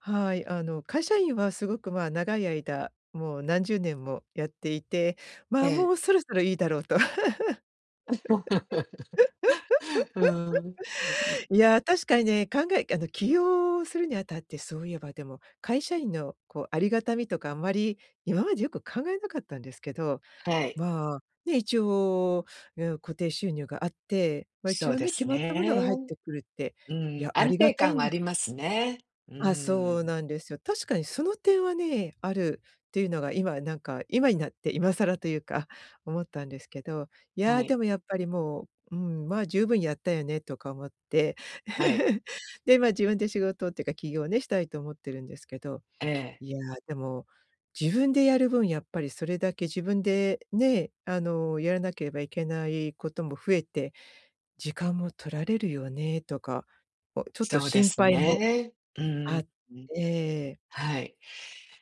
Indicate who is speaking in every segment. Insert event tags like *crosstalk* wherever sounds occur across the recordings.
Speaker 1: はい。あの会社員は、すごく、ま、長い間もう何十年もやっていて、
Speaker 2: え
Speaker 1: まあ、も
Speaker 2: え。
Speaker 1: うそろそろいいだろうと。
Speaker 2: *laughs* うーん。ん。
Speaker 1: *laughs* いや、確かにね、考えあの起業するにあたって、そういえばでも、会社員のこう、ありがたみとかあんまり今までよく考えなかったんですけど、
Speaker 2: はい。
Speaker 1: まあ、ね、一応、ゆう固定収入があって、ま、一
Speaker 2: そう
Speaker 1: 応
Speaker 2: で
Speaker 1: ね、決
Speaker 2: す
Speaker 1: まったもの
Speaker 2: ね。
Speaker 1: が入ってくるって、
Speaker 2: う
Speaker 1: い
Speaker 2: ん、
Speaker 1: や、あ
Speaker 2: 安
Speaker 1: りが
Speaker 2: 定
Speaker 1: たい
Speaker 2: 感は
Speaker 1: ん
Speaker 2: あ
Speaker 1: だ
Speaker 2: りますね。う
Speaker 1: あ、そう
Speaker 2: ん。
Speaker 1: なんですよ。確かにその点はね、あるっていうのが今なんか、今になって今更というか、思ったんですけど、い
Speaker 2: は
Speaker 1: や
Speaker 2: い。
Speaker 1: でもやっぱりもう、うーん、ま、十分やったよねとか思って。
Speaker 2: はい。
Speaker 1: *laughs* で、ま、自分で仕事っていうか起業をね、したいと思ってるんですけど、
Speaker 2: ええ。
Speaker 1: いや、でも、自分でやる分やっぱりそれだけ、自分でね、あの、やらなければいけないことも増えて、時間も取られるよねとか、おちょっと
Speaker 2: そうで
Speaker 1: 心
Speaker 2: す
Speaker 1: 配も
Speaker 2: ね。うん。
Speaker 1: あ
Speaker 2: ん。
Speaker 1: って。
Speaker 2: はい、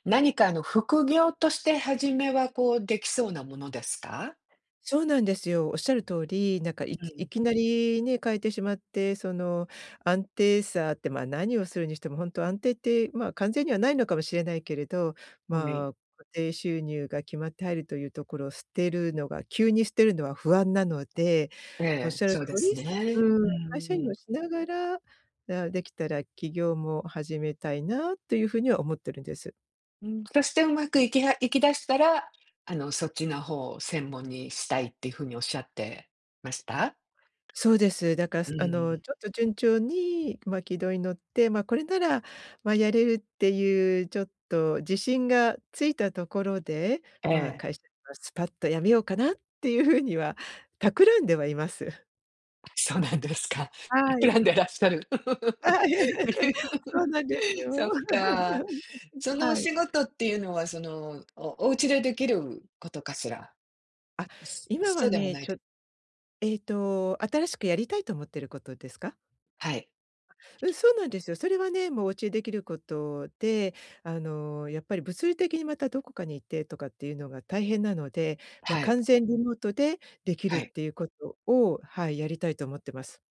Speaker 2: 何かあの副業として、初めはこう出来そうなものですか？
Speaker 1: そうなんですよ。仰る通り、なんか、い
Speaker 2: う
Speaker 1: きい
Speaker 2: ん。
Speaker 1: きなりね、変えてしまって、その安定さって、まあ、何をするにしてもほんと安定って、まあ、完全には無いのかもしれないけれど、
Speaker 2: おみ
Speaker 1: まあ、固定収入が決まって入るというところを捨てるのが、急に捨てるのは不安なので、
Speaker 2: ええ、
Speaker 1: 仰る
Speaker 2: そうで
Speaker 1: 通
Speaker 2: す
Speaker 1: り、すう
Speaker 2: ね。
Speaker 1: ー
Speaker 2: う
Speaker 1: ん、会
Speaker 2: ん
Speaker 1: 社員
Speaker 2: う
Speaker 1: を
Speaker 2: ん。
Speaker 1: しながら、ああ、出来たら起業も始めたいな、という風には思ってるんです。
Speaker 2: うん、そしてうまくいきはいきだしたら、あのそっちの方を専門にしたいって風に仰ってました？
Speaker 1: そうです。だから
Speaker 2: う
Speaker 1: すあの
Speaker 2: ん。
Speaker 1: ちょっと順調に、ま、軌道に乗って、ま、これなら、ま、やれるっていうちょっと自信がついたところで、
Speaker 2: え
Speaker 1: まあ、
Speaker 2: え。
Speaker 1: 会社はスパッと辞めようかなっていう風には、企んではいます。
Speaker 2: あ、そうなんですか。
Speaker 1: は
Speaker 2: 企ん
Speaker 1: い。
Speaker 2: でらっしゃる。
Speaker 1: *laughs* そうなんです
Speaker 2: *laughs* そ
Speaker 1: よ。
Speaker 2: っか。
Speaker 1: *laughs*
Speaker 2: そのお
Speaker 1: はい。
Speaker 2: 仕事っていうのは、その、おおうちで出来ることかしら？
Speaker 1: あ、
Speaker 2: *unintelligible*
Speaker 1: 今
Speaker 2: そ
Speaker 1: は
Speaker 2: うでも
Speaker 1: ね、
Speaker 2: ない
Speaker 1: ち
Speaker 2: と
Speaker 1: ょええと、新しくやりたいと思ってることですか？
Speaker 2: はい。
Speaker 1: うん、そうなんですよ。それはね、もうおうちで出来ることで、あの、やっぱり物理的にまたどこかに行って、とかっていうのが大変なので、ま、
Speaker 2: はい。
Speaker 1: 完全リモートで出来る
Speaker 2: は
Speaker 1: っ
Speaker 2: い。
Speaker 1: ていうことを、はい、やりたいと思ってます。